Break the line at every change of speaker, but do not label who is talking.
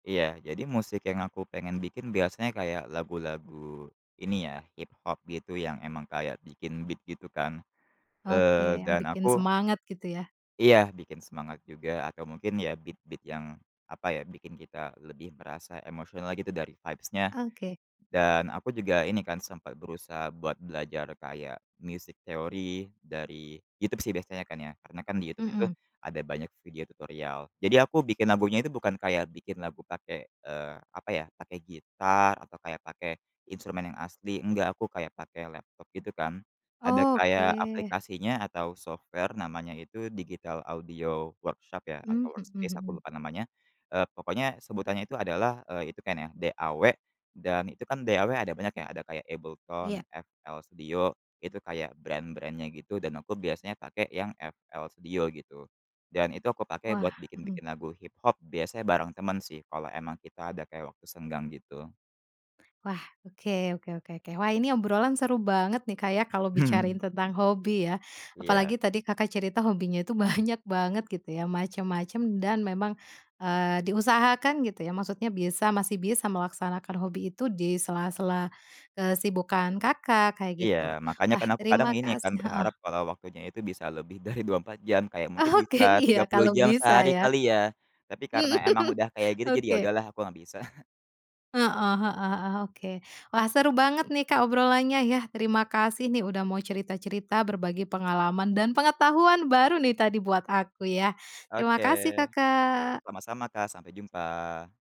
Iya, jadi musik yang aku pengen bikin, biasanya kayak lagu-lagu ini ya hiphop gitu yang emang kayak bikin beat gitu kan,
Oke
eee,
yang
dan
bikin
aku
semangat gitu ya?
Iya, ya bikin semangat juga atau mungkin ya, beat beat yang apa ya bikin kita lebih merasa emosional gitu dari vibes-nya.
Oke.
Dan aku juga ini kan sempat berusaha buat belajar kayak music theory dari YouTube sih biasanya kan ya, karena kan di YouTube itu
Heeh.
ada banyak video tutorial. Jadi aku bikin lagunya itu bukan kayak bikin lagu pakai, eee, apa ya, pakai gitar atau kayak pakai instrumen yang asli, enggak aku kayak pakai laptop gitu kan, ada kayak
Oke.
aplikasinya atau software namanya itu digital audio workshop ya
Mmm
atau workspace aku
heeh-heeh.
lupa namanya e pokoknya sebutannya itu adalah, e itu kan ya DAW, Dan itu kan DAW ada banyak ya, ada kayak AbleTone,
Iya.
FL Studio, itu kayak brand-brand-nya gitu. Dan aku biasanya pakai yang FL Studio gitu. Dan itu aku pakai buat
Wah, hmm.
bikin-bikin lagu hiphop biasanya bareng teman sih, kalau emang kita ada kayak waktu senggang gitu.
Wah, oke oke oke oke, wah ini obrolan seru banget nih Kak ya, kalau
Hmm
bicarain
hmm.
tentang hobi ya, apalagi
Iya.
tadi Kakak cerita hobinya itu banyak banget gitu ya, macem-macem dan memang, eee, diusahakan gitu ya. Maksudnya bisa masih bisa melaksanakan hobi itu di sela-sela, eee, kesibukan Kakak kayak
Iya,
gitu.
makanya
Wah
kan aku kadang
terima
ini kan
kasih heeh.
berharap kalau waktunya itu bisa lebih dari 24 jam kayak mungkin
Oke,
bisa
iya
30
kalau
jam
bisa
sehari
ya.
kali ya, tapi karena emang udah kayak gitu, jadi ya
Oke.
udahlah aku nggak bisa.
Heeh heeh heeh, oke, wah seru banget nih Kak obrolannya ya, terima kasih nih udah mau cerita-cerita berbagi pengalaman dan pengetahuan baru nih tadi buat aku ya, terima
Oke,
kasih Kakak.
sama-sama Kak sampai jumpa.